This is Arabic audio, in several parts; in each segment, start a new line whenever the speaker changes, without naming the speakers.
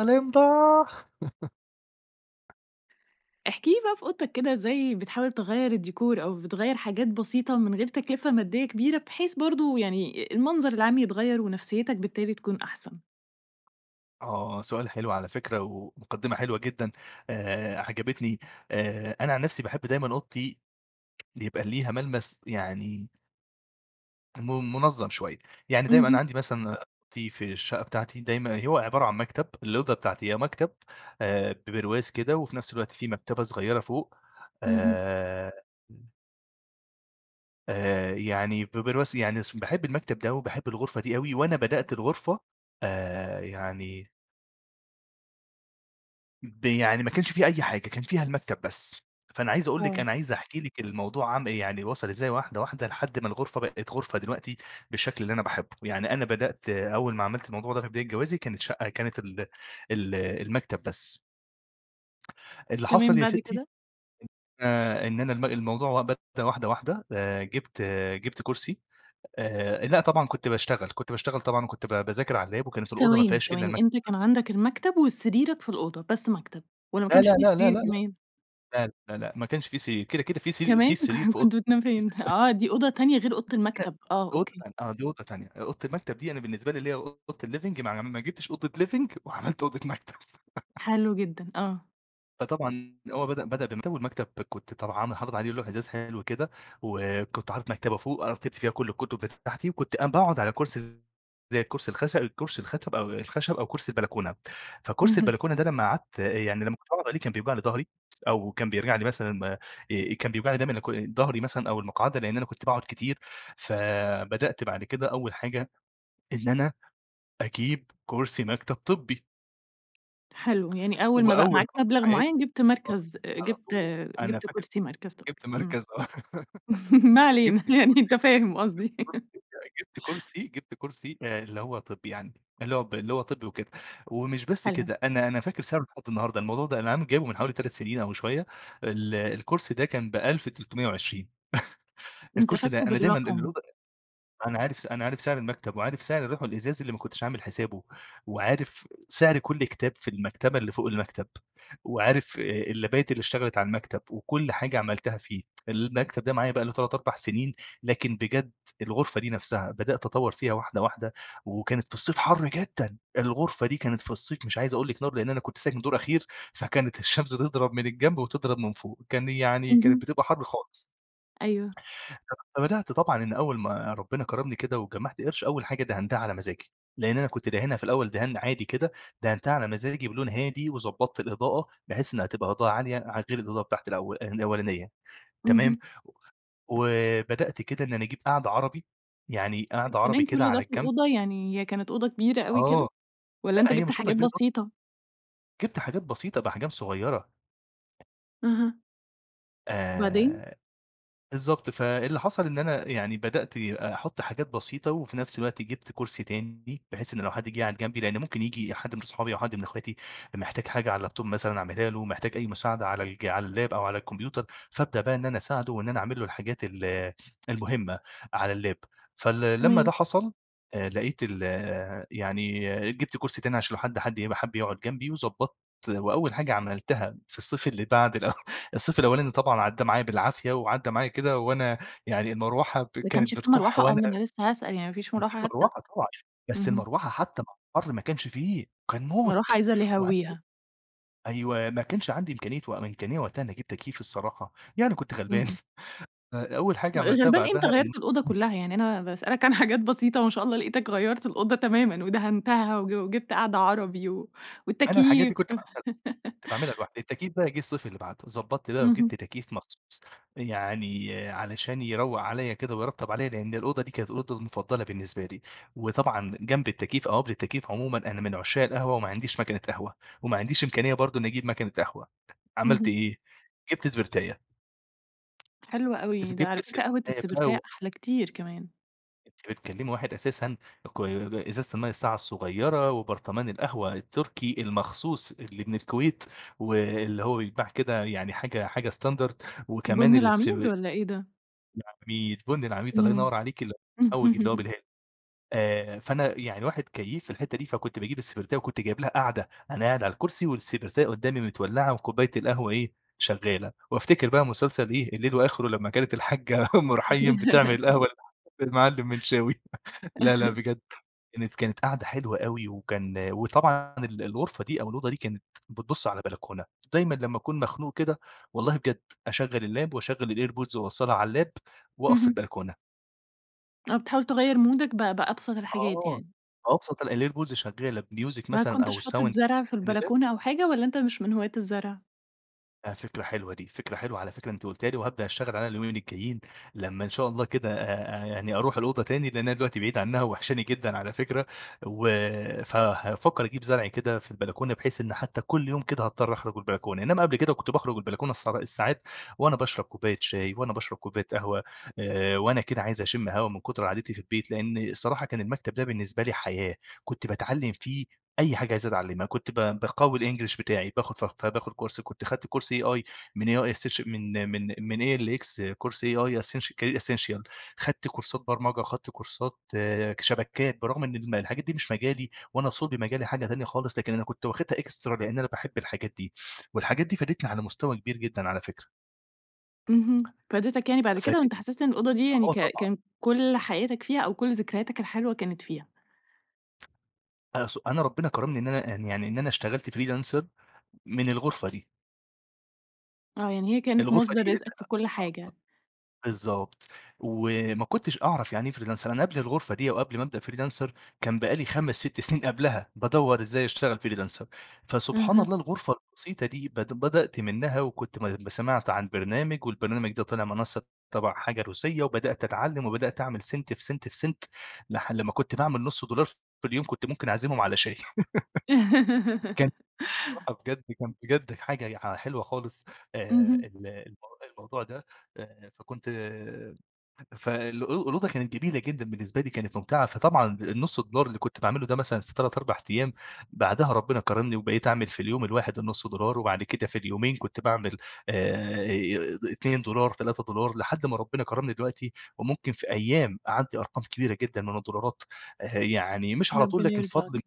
الإمضاء.
احكِ لي بقى في أوضتك كده ازاي بتحاول تغيّر الdecor أو بتغيّر حاجات بسيطة من غير تكلفة مادية كبيرة، بحيث برضه يعني المنظر العام يتغيّر ونفسيتك بالتالي تكون أحسن؟
آه، سؤال حلو على فكرة ومقدِّمة حلوة جدًا آآ، عجبتني آآ، أنا عن نفسي باحب دايمًا أوضتي يبقى ليها ملمس يعني م منظَّم شوية يعني دايمًا أنا
اهم.
عندي مثلاً أوضتي في الشقة بتاعتي، دايمًا هو عبارة عن مكتب، الأوضة بتاعتي آآ، مكتب آآ، ببرواز كده وفي نفس الوقت في مكتبة صغيرة فوق
اهم.
آآ آآ يعني ببرواز يعني باحب المكتب ده وباحب الغرفة دي أوي، وأنا بدأت الغرفة آآ، يعني ب يعني ما كانش فيها أي حاجة كان فيها المكتب بس، فأنا عايز أقول لِك
آه.
أنا عايز أحكي لِك الموضوع عامل يعني وَصَل إزاي واحدة، واحدة لحد ما الغرفة بقِت غرفة دلوقتي بالشكل اللي أنا باحبُه، يعني أنا بدأت أول ما عملت الموضوع ده في بداية جوازي، كانت شقة كانت ال ال المكتب بس. اللي حصل
تمام،
يا
بعد
ستي
كده؟
آآ، إن أنا الم الموضوع بدأ واحدة، واحدة، آآ، جِبت، جِبت كرسي آآ، لأ طبعًا كنت باشتغل كنت باشتغل طبعًا وكنت ب باذاكر على الlap وكانت الأوضة ما
ثواني،
فيهاش إلّا
ثواني
المكتب
أنت
بس.
كان عندك المكتب وسريرك في الأوضة، بس مكتب والَّا ما
لا،
كانش
لا،
فيه
لا، لأ،
سرير
لأ،
كمان؟
لأ، لأ، لأ ما كانش فيه سرير كده، كده في سرير في
كمان!
سرير في
ك
أوض
كنت بتنام فين بقى؟ آه دي أوضة تانية غير أوضة
[unintelligible] دي
المكتب، آه
أوضة
أوكي.
تانية، آه، دي أوضة تانية، أوضة المكتب دي أنا بالنسبة لي اللي هي أوضة الliving ما ع ما جبتش أوضة living وعَمَلت أوضة مكتب.
حلو جدًا، آه.
فطبعًا أول ما بدأ بدأ بمكتب والمكتب كنت طبعًا أنا حاطط عليه لوح إزاز حلو كده، و كنت حاطط مكتبة فوق، أنا رتبت فيها كل الكتب بتاعتي، وكنت م بأقعد على كرسي، زي كرسي الكرسي الخس ب أو الكرسي الخشب أو الخشب أو كرسي البلكونة؛ فكرسي
اهم.
البلكونة ده لما قعدت يعني لما كنت بأقعد عليه كان بيوجع لي ضهري أو كان بيوجع لي مثلًا كان بيوجعني دايمًا ضهري مثلًا أو المقعدة، لأن أنا كنت باقعد كتير ف بدأت بعد كده أول حاجة إن أنا أجيب كرسي مكتب طبي!
حلو، يعني أول ما بقى
وأول
معاك
مرة في
مبلغ
حياتي
معين جبت
آه،
مركز آآ،
على
جبت
طول، أنا
جبت
فاكر
كرسي مركز طبي،
جبت
امم.
مركز آه
ما علينا
جبت
يعني أنت
الكرسي
فاهم قصدي.
[unintelligible] جبت كرسي جبت كرسي اللي هو طبي يعني اللي هو ب اللي هو طبي وكده، ومش بس
حلو.
كده أنا أنا فاكر سعره لحد النهارده الموضوع ده أنا عامل جابيه من حوالي 3 سنين أو شوية ال الكرسي ده كان 1320
أنت
الكرسي ده،
فاكره
أنا دايمًا ال
بالرقم.
أنا عارف أنا عارف سعر المكتب وعارف سعر اللوح الإزاز اللي ما كنتش عامل حسابه، وعارف سعر كل كتاب في المكتبة اللي فوق المكتب وعارف اللَابات اللي اشتغلت على المكتب وكل حاجة عملتها فيه، المكتب ده معايا بقى له 3 4 سنين لكن بجد الغرفة دي نفسها بدأت أطور فيها واحدة واحدة وكانت في الصيف حر جدًا. الغرفة دي كانت في الصيف مش عايز أقول لِك نار لأن أنا كنت ساكن دور أخير، فكانت الشمس تضرب من الجنب وتضرب من فوق، كان يعني كانت
اهم.
بتبقى حر خالص.
أيوه.
[unintelligible] فبدأت طبعًا إن أول ما ربنا كرمني كده وجمعت قرش، أول حاجة دهنتها على مزاجي. لأن أنا كنت داهنها في الأول دهان عادي كده، دهنتها على مزاجي بلون هادي وضبطت الإضاءة بحيث إنها تبقى إضاءة عالية ع غير الإضاءة بتاعتي الأو الأولانية تمام؟
اهم.
وبدأت كده إن أنا أجيب قعدة عربي، يعني قعدة عربي
فكمان
كده
كل ده
على
في
الجنب.
الأوضة، يعني هي كانت أوضة كبيرة أوي
آه،
كده، والّا
لأ
أنت
هي
جبت
مش أوضة
حاجات
كبيرة هي
بسيطة؟
جبت حاجات بسيطة بأحجام صغيّرة.
اهم. وبعدين؟
آآ، بالضبط، فاللي حصل إن أنا يعني بدأت أحط حاجات بسيطة، وفي نفس الوقت جبت كرسي تاني، بحيث إنّه لو حد جه قعد جنبي، لأنّه ممكن ييجي حد من أصحابي أو حد من أخواتي محتاج حاجة على اللاب توب مثلًا أعملها له محتاج أي مساعدة على الج على اللاب أو على الكمبيوتر فابدأ بقى إن أنا أساعده وإن أنا أعمل له الحاجات ال المهمّة على اللاب. فال لما
تمام.
ده حصل لقيت ال آآ، يعني جبت كرسي تاني عشان لو حد حد يبقى حب يقعد جنبي وضبطت وأوّل حاجة عملتها في الصيف اللي بعد الصيف الأولاني طبعًا عدى معي بالعافية وعدى معايا كده وأنا يعني المروحة
ما كانش
كانت
في
بتكح
مروحة، آه،
وأنا
ما أنا لسّه هاسأل يعني ما فيش
في
مروحة حتّى.
مروحة طبعًا بس
اهم.
المروحة حتّى مع الحر ما كانش فيه، كان
مروحة
موت.
عايزة اللي
و
يهويها.
[unintelligible] أيوَه، ما كانش عندي إمكانية وإمكانية وقتها إن أجيب تكييف الصراحة يعني كنت غلبان
اهم.
أوّل حاجة عملتها
غلبان إيه! أنت
بعدها إن
غيرت الأوضة كلّها، يعني أنا باسألك عن حاجات بسيطة ما شاء الله لقيتك غيرت الأوضة تمامًا، ودهنتها وج وجبت قعدة عربي و
أنا الحاجات دي
والتكييف.
كنت ب كنت باعملها لوحدي التكييف بقى جه الصيف اللي بعده، ضبطت بقى وجبت
اهم.
تكييف مخصوص يعني علشان يروق عليَّ كده ويرطب عليَّ، لأن الأوضة دي كانت الأوضة المفضلة بالنسبة لي، وطبعًا جنب التكييف أو قبل التكييف عمومًا أنا من عشاق القهوة وما عنديش ماكينة قهوة، وما عنديش إمكانية برضو إنّي أجيب ماكينة قهوة، عملت
اهم.
إيه؟ جبت سبرتاية.
حلوة أوي، ده
جبت
على فكرة قهوة
السبرتاية بقى
السبرتاية،
و
أحلى كتير كمان.
أنتِ بتكلمي واحد أساسًا كوي إزازة المَيّة الساقعة الصغيرة، وبرطمان القهوة التركي المخصوص اللي من الكويت، واللي هو بيتباع كده يعني حاجة حاجة standard وكمان
بُن
الس
العميد والّا إيه ده؟
العميد، بُن العميد الله
إمم.
ينور عليكِ المحوج اللي هو بالهيل. آآ، فأنا يعني واحد كيّيف في الحتة دي فكنت باجيب السبرتاية وكنت جايب لها قاعدة أنا قاعد على الكرسي والسبرتاية قدامي متولّعة وكوباية القهوة إيه شغالة، وأفتكر بقى مسلسل إيه الليل وآخره، لما كانت الحاجَّة أم رحيم بتعمل القهوة للحاج للمعلم منشاوي. لا، لا، بجد كانت كانت كانت قعدة حلوة أوي وكان وطبعًا ال الغرفة دي أو الأوضة دي كانت بتبص على بلكونة، دايمًا لما أكون مخنوق كده والله بجد أشغّل اللاب وأشغّل الAirPods وأوصّلها على اللاب وأقف في
اهم.
البلكونة.
آه، بتحاول تغير مودَك ب بأبسط الحاجات
آه،
يعني؟
أبسط ال الAirPods شغالة بmusic
ما
مثلًا
كنتش
أو sound
حاطط
شغالة
زرع في
من اللاب.
البلكونة أو حاجة، والّا أنتَ مش من هواة الزرع؟
آآ، فكرة حلوة دي فكرة حلوة على فكرة أنتِ قلتيها لي، وهابدأ أشتغل عليها اليومين الجايين لما إن شاء الله كده آآ، يعني أروح الأوضة تاني لأن أنا دلوقتي بعيد عنها وواحشاني جدًا على فكرة، و فهافكر أجيب زرع كده في البلكونة بحيث إن حتى كل يوم كده هاضطر أخرج البلكونة، إنما قبل كده كنت باخرج البلكونة الس الساعات وأنا باشرب كوباية شاي وأنا باشرب كوباية قهوة، آآ، وأنا كده عايز أشم هوا من كتر قعدتي في البيت، لأن الصراحة كان المكتب ده بالنسبة لي حياة، كنت باتعلم فيه أي حاجة عايز أتعلمها، كنت ب باقوّي الEnglish بتاعي باخد ف ف باخد كورس كنت أخدت كورس AI من AI Essenti من من من ALX كورس AI Essenti Career Essential خدت كورسات برمجة خدت كورسات آآ، شبكات. برغم إن الم الحاجات دي مش مجالي وأنا صلب مجالي حاجة تانية خالص، لكن أنا كنت واخدها extra لأن أنا باحب الحاجات دي. والحاجات دي فادتني على مستوى كبير جدًا على فكرة.
اهم، فادتَك يعني بعد كده، وأنتَ
فادتني
حسست إن الأوضة دي يعني
آه
ك
طبعًا.
كان كل حياتَك فيها أو كل ذكرياتك الحلوة كانت فيها؟
أ س أنا ربنا كرمني إن أنا يعني إن أنا اشتغلت Freelancer من الغرفة دي.
آه، يعني هي كانت
الغرفة
مصدر
دي
رزقك في كل حاجة.
بالضبط، وما كنتش أعرف يعني إيه Freelancer، أنا قبل الغرفة دي أو قبل ما أبدأ Freelancer كان بقى لي 5، 6 سنين قبلها بادور إزاي أشتغل Freelancer، فسبحان
اها.
الله الغرفة البسيطة دي بد بدأت منها وكنت ما ما سمعت عن برنامج والبرنامج ده طلع منصة تبع حاجة روسية وبدأت أتعلم، وبدأت أعمل سنت في سنت في سنت، لح بعد ما كنت باعمل نص دولار في اليوم كنت ممكن أعزمهم على شاي. كان الصراحة بجد كان بجد حاجة يع حلوة خالص
اهم.
آه، ال الم الموضوع ده. فكنت ف الأو الأوضة كانت جميلة جدًا بالنسبة لي كانت ممتعة، فطبعًا النص دولار اللي كنت باعمله ده مثلًا في 3 4 أيام بعدها ربنا كرمني وبقيت أعمل في اليوم الواحد النص دولار، وبعد كده في اليومين كنت باعمل آآ، 2$ 3$ لحد ما ربنا كرمني دلوقتي وممكن في أيام أعدي أرقام كبيرة جدًا من الدولارات. يعني مش على طول
ربنا
لكن فضل من
يرزقك،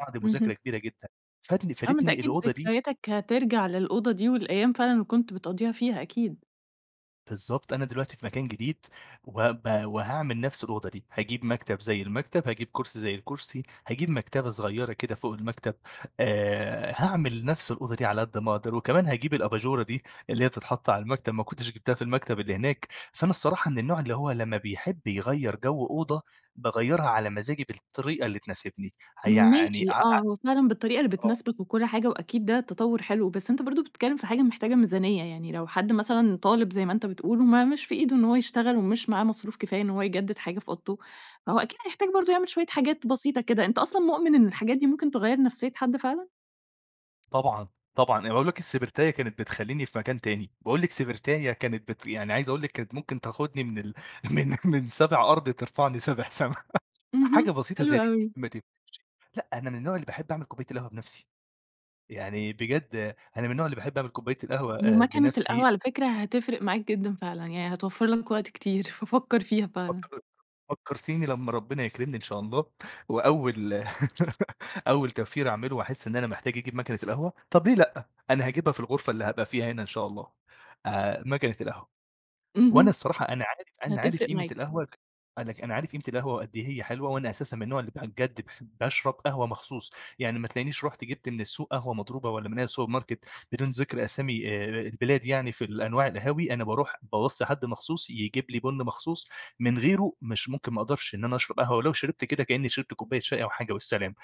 بعد
اهم.
مذاكرة كبيرة جدًا فادني
آه، ما أنت
فادتني
أكيد
الأوضة دي
ذكرياتك هترجع للأوضة دي، والأيام فعلًا اللي كنت بتقضيها فيها أكيد.
بالضبط، أنا دلوقتي في مكان جديد، وهبقى وهاعمل نفس الأوضة دي، هاجيب مكتب زي المكتب، هاجيب كرسي زي الكرسي، هاجيب مكتبة صغيرة كده فوق المكتب، آآ، هاعمل نفس الأوضة دي على قد ما أقدَر. وكمان هاجيب الأباجورة دي اللي هي تتحطّ على المكتب، ما كنتش جِبتها في المكتب اللي هناك. فأنا الصراحة من النوع اللي هو لمَّا بيحب يغيِّر جو أوضة، باغيِّرها على مزاجي بالطريقة اللي تناسبني، هيعني
ماشي،
ع ع
آه، هو فعلًا بالطريقة اللي
آه.
بتناسبَك وكل حاجة وأكيد ده تطوُّر حلو. بس أنتَ برضو بتتكلَّم في حاجة محتاجة ميزانية. يعني، لو حد مثلًا طالب، زي ما أنتَ بتقول، وما مش في إيده إن هو يشتغَل، ومش معاه مصروف كفاية إن هو يجدّد حاجة في أوضته، فهو أكيد هيحتاج برضو يعمل شوية حاجات بسيطة كده. أنتَ أصلًا مؤمن إن الحاجات دي ممكن تغيِّر نفسية حد فعلًا؟
طبعًا طبعًا، أنا باقول لِك، السبرتاية كانت بتخلِّيني في مكان تاني. باقول لِك، سبرتاية كانت بت يعني، عايِز أقول لِك، كانت ممكن تاخُدني من ال من من سابِع أرض، ترفَعني سابِع سما. حاجة
اهم،
بسيطة
حلو
زي دي،
أوي.
ما تدِّيش لأ، أنا من النوع اللي باحب أعمل كوباية القهوة بنفسي. يعني بجد، أنا من النوع اللي باحب أعمل كوباية القهوة آآ،
وماكنة
بنفسي.
القهوة على فكرة هتفرِّق معاك جدًا فعلًا، يعني هتوفّر لك وقت كتير، ففكر فيها فعلًا.
فكَّر فكَّرتِيني، لمَّا ربنا يكرِمني إن شاء الله، وأوَّل أوَّل توفير هاعمله وأحس إن أنا محتاج أجيب ماكنة القهوة، طب ليه لأ؟ أنا هاجيبها في الغرفة اللي هابقى فيها هنا، إن شاء الله. آآ، ماكنة القهوة. وأنا
اهم،
الصراحة أنا عارف أنا عارف
هتفرِّق
قيمة
معاك.
القهوة، أنا أنا عارف قيمة القهوة قد إيه هي حلوة، وأنا أساسًا من النوع اللي بجد باحب أشرب قهوة مخصوص. يعني، ما تلاقِينيش رُحت جبت من السوق قهوة مضروبة والّا من أي السوبر ماركت، بدون ذِكر أسامي آآ، البلاد يعني. في الأنواع القهاوي، أنا بارُوح باوصِي حد مخصوص يجيب لي بُن مخصوص، من غيره مش ممكن ما أقدرِش إن أنا أشرَب قهوة، ولو شربت كده كأني شربت كوباية شاي أو حاجة والسلام.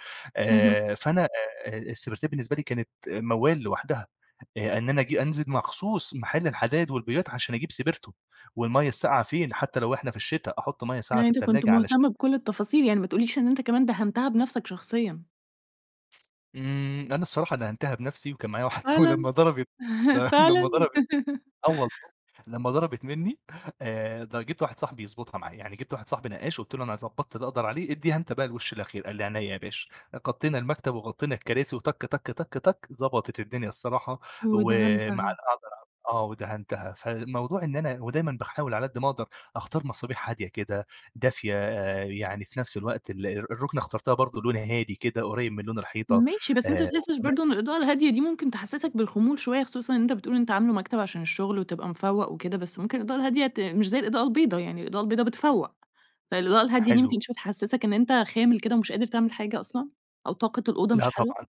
اهم.
آآ فأنا آآ، السبرتاية بالنسبة لي كانت موّال لوحدها. آآ، إن أنا آجي أنزل مخصوص محل الحدايد والبويات عشان أجيب سبرتو، والمَيَّة الساقعة، فين؟ حتى لو إحنا في الشتا، أحُطّ مَيَّة ساقعة
يعني
في
أنت كنت
التلاجة علشان
مهتم بكل التفاصيل. يعني ما تقوليش إن أنت كمان دهنتها بنفسك شخصيًا.
إمم، أنا الصراحة دهنتها بنَفسي، وكان معايا واحد صاحبي،
فعلًا؟!
لمّا ضربت لمّا
فعلًا؟!
ضربت آه والله، لمّا ضربت مني آآ، د جبت واحد صاحبي يضبطها معايا. يعني جبت واحد صاحبي نقّاش، قلت له: "أنا ضبّطت اللي أقدر عليه، إديها أنت بقى الوش الأخير"، قال لي: "عينيا يا باشا"، غطّينا المكتب وغطّينا الكراسي، وتَك، تَك، تَك، تَك ضبطت الدنيا الصراحة، ومع
ودهنتها.
أقدر أعمل آه، ودهنتها. فالموضوع إن أنا ودايمًا باحاول على قدّ ما أقدر أختار مصابيح هادية كده، دافية آآ، يعني في نَفس الوقت ال الرُكنة اخترتها برضو لونها هادي كده، قريّب من لون الحيطة،
ماشي، بس أنت ما
آآ،
بتحسش
وكمان
برضو إن الإضاءة الهادية دي ممكن تحسسك بالخمول شوية، خصوصًا أنت بتقول أنت عامله مكتب عشان الشغل وتبقى مفوّق وكده، بس ممكن الإضاءة الهادية ت مش زي الإضاءة البيضاء، يعني الإضاءة البيضاء بتفوّق، فالإضاءة الهادية دي
حلو.
ممكن شوية تحسسك إن أنت خامل كده ومش قادر تعمل حاجة أصلًا، أو طاقة الأوضة مش
لأ
حلوة؟
طبعًا،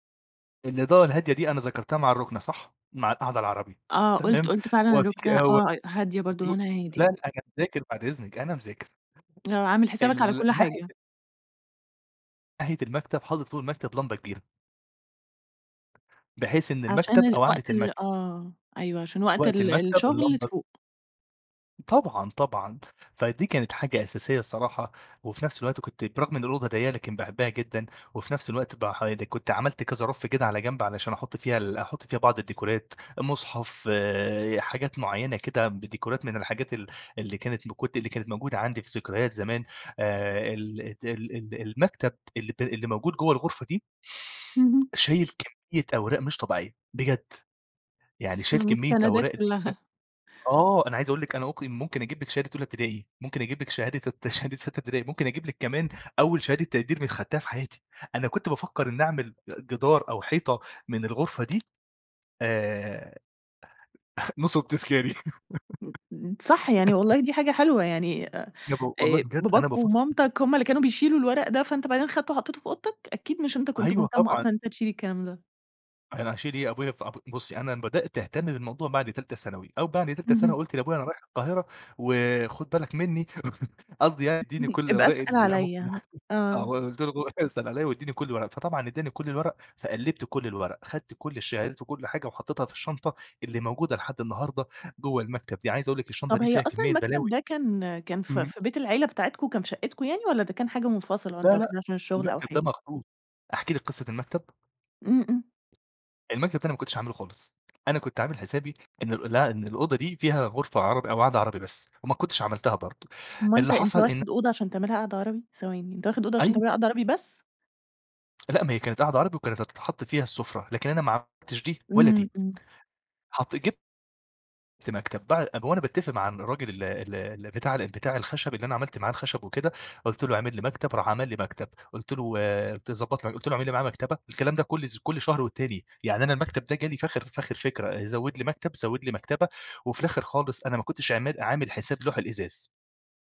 الإضاءة الهادية دي أنا ذكرتها مع الركنة صح؟ مع القعدة العربي،
آه قُلت
تمام،
قُلت فعلًا،
هو في ك
الركنة آه، هادية برضو
[unintelligible]
لونها
لأ،
هادي.
أنا مذاكر بعد إذنِك، أنا مذاكر.
آه، عامل حسابك على
ال
كل
الناحية
حاجة.
ناحية المكتب، حاطط فوق المكتب لمبة كبيرة. بحيث إن
عشان
المكتب
ال
أو قعدة
وقت ال
المكتب
آه، أيوه عشان وقت
وقت
ال
المكتب
الشغل
اللمبة
تفوق.
طبعًا طبعًا، فدي كانت حاجة أساسية الصراحة وفي نفس الوقت كنت برغم إن الأوضة ضيّقة لكن باحبها جدًا وفي نفس الوقت بقى ح كنت عملت كذا رف كده على جنب علشان أحط فيها ال أحط فيها بعض الديكورات، مصحف حاجات معينة كده بديكورات من الحاجات ال اللي كانت ب كنت اللي كانت موجودة عندي في ذكريات زمان آآ، ال ال ال ال المكتب اللي ب اللي موجود جوا الغرفة دي
اهم.
شايل كمية أوراق مش طبيعية، بجد. يعني شايل كمية
المستندات
أوراق كده
كلها.
آه، أنا عايز أقول لِك أنا ممكن ممكن أجيب لك شهادة أولى ابتدائي، ممكن أجيب لك شهادة الت شهادة ستّة ابتدائي، ممكن أجيب لك كمان أول شهادة تقدير من خدتها في حياتي. أنا كنت بافكر إني أعمل جدار أو حيطة من الغرفة دي آآ، نصُب تذكاري.
امم، امم، امم، صح يعني، والله دي حاجة حلوة. يعني، آآ،
جابوا والله بجد أنا
باباك
بافكر
ومامتك هُما اللي كانوا بيشيلوا الورق ده، فأنتَ بعدين خدّيته وحطِّيته في أوضتَك، أكيد مش أنتَ كنت
أيوه،
مهتم
طبعًا.
أصلًا إن أنتَ تشيل الكلام ده.
أنا هاشيل إيه، أبويا في أب بصّي أنا بدأت اهتم بالموضوع بعد تالتة ثانوي أو بعد تالتة ثانوي
اهم.
قلت لأبويا: "أنا رايح القاهرة وخد بالك مني، س قصدي يعني اديني
اهم،
كل
ابقى
الأوراق
أسأل
اللي أنا ممكن
عليا،
احتاجها."
آه.
وآه، قلت له: "بابا اسأل عليا واديني كل الورق." فطبعًا إدّاني كل الورق، فقلّبت كل الورق، أخدت كل الشهادات وكل حاجة وحطيتها في الشنطة اللي موجودة لحد النهارده جوا المكتب دي، عايز أقول لك الشنطه
طب
دي
هي
فيها
أصلًا
كمّية بلاوي
المكتب ده كان كان في
إمم.
في بيت العيلة بتاعتكم كان في شقتكم يعني، والَّا ده كان حاجة منفصلة
لا،
وأنت
لا،
واخدها علشان الشغل أو
المكتب
حاجة؟
ده مخصوص، أحكي لكِ قصة المكتب؟
إمم، إمم.
المكتب التاني ما كنتش هاعمله خالص. أنا كنت عامل حسابي إنه لأ، إن الأوضة دي فيها غرفة عربي أو قعدة عربي بس، وما كنتش عملتها برضه،
امّال
اللي
أنتَ أنتَ
حصل إنه
واخد أوضة علشان تعملها قعدة عربي، ثواني، أنت واخد أوضة علشان
أيوه.
تعملها قعدة عربي بس؟!
لا ما هي كانت قعدة عربي وكانت هتتحط فيها السفرة، لكن أنا ما عملتش دي ولا دي،
إمم، إمم.
حطيت جب ت مكتب، بعد وأنا باتفق مع الراجل ال ال ال بتاع ال بتاع الخشب اللي أنا عملت معاه الخشب وكده، قلت له: "اعمل لي مكتب." راح عمل لي مكتب، قلت له قلت له ضبط قلت له: "اعمل لي معاه مكتبة." الكلام ده كل كل شهر والتاني يعني أنا المكتب ده جالي في اخر في آخر فكرة زود لي مكتب، زود لي مكتبة، وفي الآخر خالص أنا ما كنتش عمال عامل حساب لوح الإزاز،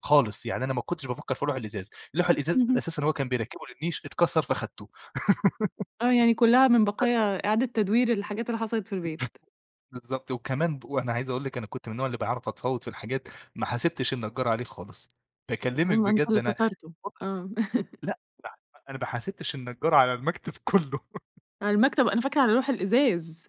خالص، يعني أنا ما كنتش بافكر في لوح الإزاز، لوح الإزاز
اهم.
أساسًا هو كان بيركبه للنيش اتكسر فأخدته.
آه، يعني كلها من
[unintelligible]
بقايا إعادة تدوير الحاجات اللي حصلت في البيت.
بالضبط وكمان ب وأنا عايز أقول لكِ أنا كنت من النوع اللي باعرف أتفاوض في الحاجات، ما حاسبتش النجار عليه خالص.
آه،
باكلمك
ما أنتَ
بجد
اللي
أنا
كسرته،
من كتر
آه.
لأ، لا، أنا ما حاسبتش النجار على المكتب كله.
على المكتب، أنا فاكرة على لوح الإزاز،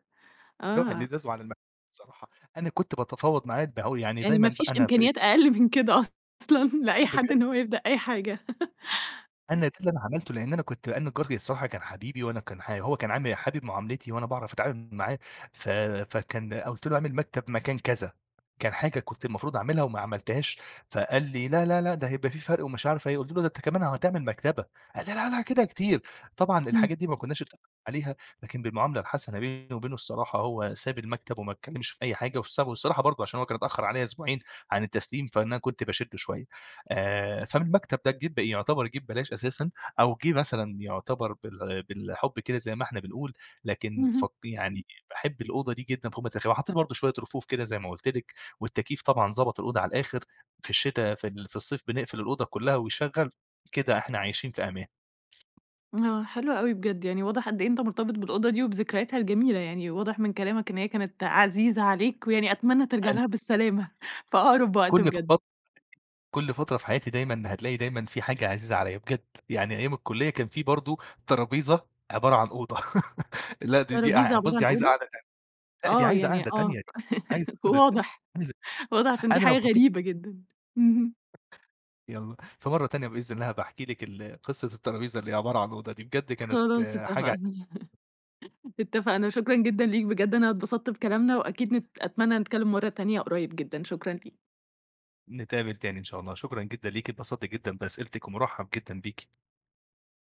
لوح
آه.
الإزاز وعلي المكتب الصراحة. أنا كنت باتفاوض معاه الد يعني
يعني
دايمًا
ما فيش
بقى أنا في
إمكانيات أقل من كده أصلًا، لأي
آه
حد
بجد!
إنه هو يبدأ أي حاجة.
أنا ده اللي أنا عملته. لأن أنا كنت أنا النجار الصراحة كان حبيبي، وأنا كان ح هو كان عامل حابب معاملتي وأنا باعرف أتعامل معاه، ف فكان قلت له: "أعمل مكتب مكان كذا." كان حاجة كنت المفروض أعملها وما عملتهاش. فقال لي: "لا، لا، لا، ده هيبقى في فرق." ومش عارف إيه قلت له: "أنت كمان هتعمل مكتبة." قال: "لا، لا، كده كتير." طبعًا
إمم.
الحاجات دي ما كنّاش أتفقنا عليها، لكن بالمعاملة الحسنة بيني وبينه الصراحه هو ساب المكتب وما اتكلمش في أي حاجة، وسابه الصراحة، برضه علشان هو كان اتأخر عليا أسبوعين عن التسليم، فأنا كنت باشده شوية. آآ، فمن المكتب ده جه يعتبر جه ببلاش أساسًا أو جه مثلًا يعتبر بال بالحب كده زي ما إحنا بنقول، لكن ف
اهم.
يعني باحب الأوضة دي جدًا فوق ما تتخيلي وحطيت برضه شوية رفوف كده زي ما قلت لكِ والتكييف طبعًا ضبط الأوضة على الآخر في الشتا في ال في الصيف بنقفل الأوضة كلها وشغّل، كده إحنا عايشين في أمان.
آه، حلوه أوي بجد، يعني واضح قد إيه أنتَ مرتبط بالأوضة دي وبذكرياتها الجميلة يعني. واضح من كلامك إن هي كانت عزيزة عليك، ويعني أتمنى ترجع
حلو.
لها بالسلامة، في أقرب
[unintelligible]
وقت
كل
بجد.
فترة كل فترة في حياتي دايمًا هتلاقي دايمًا في حاجة عزيزة عليا بجد يعني أيام الكلية كان في برضه ترابيزة عبارة عن أوضة. لا دي دي
طرابيزة
أع بصِ
عبارة
دي
عن
عايزة
أوضة؟
قعدة تانية. لأ، دي
آه،
عايزة
يعني
قعدة
آه،
تانية، دي عايزة قعدة تانية،
واضح،
عايزة
واضح، علشان دي
أنا
حاجة
لو حكيت
غريبة جدًا، اهم.
يالًا، في مرة تانية بإذن الله هابقي احكي لِك ال قصة الترابيزة اللي هي عبارة عن أوضة دي، بجد كانت
خلاص
حاجة
اتفقنا، اتفقنا شكرًا جدًا ليك، بجد أنا اتبسطت بكلامنا، وأكيد نت أتمني نتكلم مرة تانية قريب جدًا، شكرًا ليك.
نتقابل تاني إن شاء الله، شكرًا جدًا ليكِ اتبسط جدًا بأسئلتِك، ومرحّب جدًا بيكِ.